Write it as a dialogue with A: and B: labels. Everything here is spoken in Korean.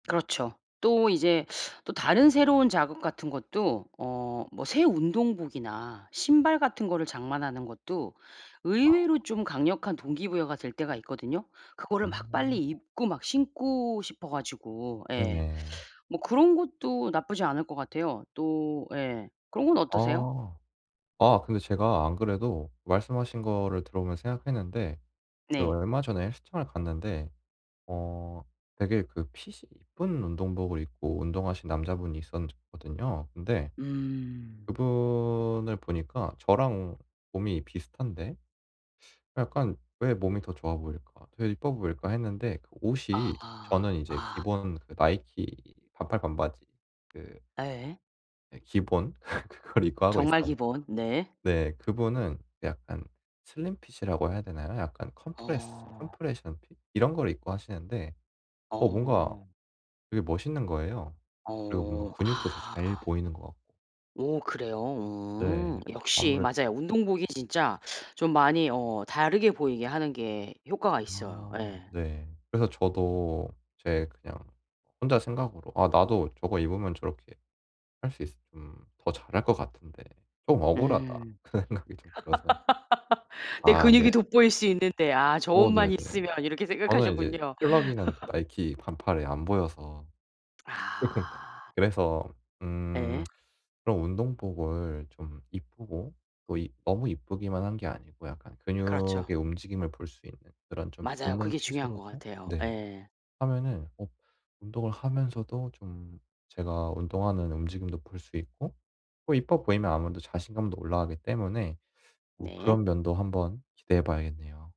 A: 그렇죠. 또 이제 또 다른 새로운 자극 같은 것도 어 뭐 새 운동복이나 신발 같은 거를 장만하는 것도
B: 아아.
A: 의외로 좀
B: 아.
A: 강력한 동기 부여가 될 때가 있거든요. 그거를 막 빨리
B: [unintelligible]
A: 입고 막 신고 싶어 가지고 예.
B: 네네.
A: 뭐 그런 것도 나쁘지 않을 것 같아요. 또 예 그런 건 어떠세요?
B: 아. 아 근데 제가 안 그래도 말씀하신 거를 들어보면서 생각했는데 그
A: 네.
B: 얼마 전에 헬스장을 갔는데 어 되게 그 핏이 이쁜 운동복을 입고 운동하시는 남자분이 있었 거든요. 근데
A: 음.
B: 그분을 보니까 저랑 몸이 비슷한데 약간 '왜 몸이 더 좋아 보일까? 되게 이뻐 보일까?' 했는데 그
A: 아.
B: 옷이 저는 이제
A: 아.
B: 기본 그 나이키 반팔 반바지 그
A: 예.
B: 네 기본. 그걸 입고 하고
A: 정말
B: 있었는데
A: 기본. 네.
B: 네 그분은 약간 슬림핏이라고 해야 되나요? 약간 컴프레스
A: 어.
B: 컴프레션 핏 이런 걸 입고 하시는데 어 뭔가
A: 어.
B: 되게 멋있는 거예요. 그리고 뭔가
A: 어.
B: 근육도 더
A: 아.
B: 잘 보이는 것 같고.
A: 오 그래요?
B: 네.
A: 음. 역시
B: 아무래도
A: 맞아요. 운동복이 진짜 좀 많이 어 다르게 보이게 하는 게 효과가 있어요.
B: 아
A: 예.
B: 네. 그래서 저도 제 그냥 혼자 생각으로 '아 나도 저거 입으면 저렇게 할 수 있 음 더 잘 할 것 같은데 좀 억울하다.'
A: 음.
B: 그런 생각이 좀 들어서
A: '내
B: 아 네.
A: 근육이 돋보일 수 있는데 아 저
B: 어 네네.
A: 옷만 있으면.' 이렇게
B: 저는 인제
A: 생각하셨군요.
B: 펄럭이는 그 나이키 반팔에 안 보여서 쪼끔.
A: 아.
B: 그래서 음
A: 예.
B: 그럼 운동복을 좀 이쁘고 또 이 너무 이쁘기만 한 게 아니고 약간
A: 그렇죠.
B: 근육의 움직임을 볼 수 있는 그런 좀
A: 맞아요.
B: 붙는
A: 그게 중요한 것
B: 핏으로도
A: 같아요.
B: 네
A: 예.
B: 하면은 어 운동을 하면서도 좀 제가 운동하는 움직임도 볼 수 있고 또 이뻐 보이면 아무래도 자신감도 올라가기 때문에 어
A: 네.
B: 그런 면도 한번 기대해 봐야겠네요.